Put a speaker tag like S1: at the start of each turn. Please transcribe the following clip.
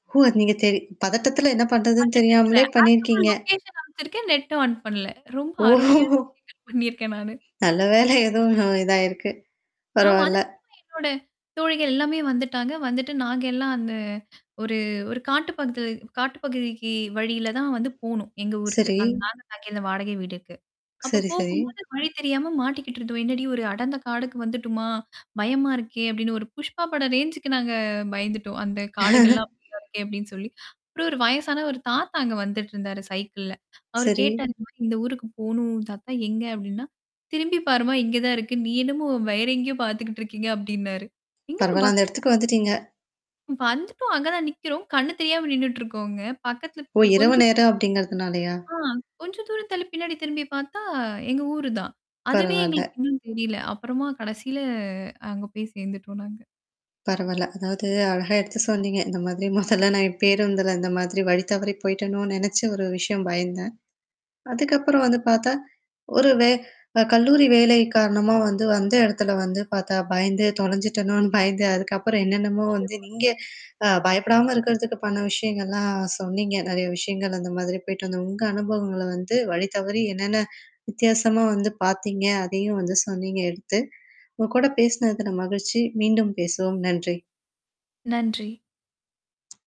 S1: ஓ! நீங்க தெரி பதட்டத்துல என்ன பண்றதுன்னு
S2: பதட்டத்துல.
S1: தெரியாமலே
S2: அதுக்கப்புறம்
S1: பண்ணியிருக்கீங்க.
S2: லொகேஷன் அனுப்ச்சிருக்கேன், நெட்டும் ஆன் பண்ணல. ரொம்ப
S1: ஓஹோ
S2: அருமையான [unintelligible] பண்ணியிருக்கேன் நானு.
S1: நல்ல வேலை எதோ [unintelligible] இதாயிருக்கு.
S2: ஆமா.
S1: பரவால்ல.
S2: அதுக்கு அப்பறம். என்னோட தோழிகள் எல்லாமே வந்துட்டாங்க. வந்துட்டு நாங்க எல்லாம் அந்த ஒரு ஒரு காட்டு பகுதி காட்டு பகுதிக்கி வழியில தான் வந்து போணும். எங்க ஊருக்கு
S1: சரி.
S2: அந்த நா நாங்க அந்த வாடகை வீடுக்கு. அப்ப
S1: சரி, சரி.
S2: போகும்போது வழி தெரியாம மாட்டிக்கிட்டு இருந்தோம். என்னடி ஒரு அடந்த காடுக்கு வந்துட்டமா? பயமா இருக்கே! அப்பிடின்னு ஒரு புஷ்பா பட ரேஞ்சு்கு நாங்க பயந்துட்டோம். அந்த காடுகள்லாம். [unintelligible] அப்பிடின்னு சொல்லி. அப்புறம் ஒரு வயசான ஒரு தாத்தா அங்க வந்துட்டுருந்தாரு சைக்கிள்ல. அவரு
S1: சரி.
S2: கேட்டாரு. [unintelligible] இந்த ஊருக்கு போணும், தாத்தா எங்க அப்பிடின்னா, திரும்பிப் பாரும்மா! இங்க தான் இருக்கு நீ என்னமோ வேற எங்கேயோ பாத்துக்கிட்டு இருக்கீங்க அப்பிடின்னாரு எங்களுக்கு
S1: பரவால்ல. அந்த இடத்துக்கு வந்துட்டீங்க.
S2: [unintelligible] வந்துட்டோம் அங்க தான் நிக்கிறோம். கண்ணு தெரியாம நின்னுட்டு இருக்கோங்க. பக்கத்தல
S1: ஓ! இரவு
S2: கொஞ்சம்
S1: நேரம் அப்பிடிங்கிறதுனாலயா?
S2: ஆ கொஞ்சம் தூர ஆ கொஞ்ச தூரம் தள்ளி பின்னாடி திரும்பி பார்த்தா, எங்க ஊரு தான். அதுவே
S1: பரவால்ல.
S2: எங்களுக்கு இன்னும் தெரியல அப்புறமா கடைசியில அங்க போய் சேர்ந்துட்டோம் நாங்க.
S1: பரவால்ல. அதாவது அழகா எடுத்து சொன்னீங்க. இந்த மாதிரி முதலலாம் நான் பேருந்துல இந்த மாதிரி வழி தவறி போயிட்டோன்னு நினச்சு ஒரு விஷயம் பயந்தேன். அதுக்கப்புறம் வந்து பார்த்தா. ஒரு வே அ கல்லூரி வேலை காரணமா வந்து அந்த இடத்துல வந்து பார்த்தா பயந்து தொலைஞ்சுட்டோன்னு பயந்து அதுக்கப்புறம் என்னென்னமோ வந்து
S2: நிச்சயமா.
S1: நீங்க அ பயப்படாம இருக்கிறதுக்கு பண்ண விஷயங்கள்லாம் சொன்னீங்க. நெறைய விஷயங்கள் அந்த மாதிரி போயிட்டு வந்து உங்க அனுபவங்கள வந்து வழி தவறி என்னென்ன வித்தியாசமா வந்து பார்த்தீங்க? அதையும் வந்து சொன்னீங்க எடுத்து. உங்க கூட பேசினதுல மகிழ்ச்சி. மீண்டும் பேசுவோம். நன்றி.
S2: நன்றி.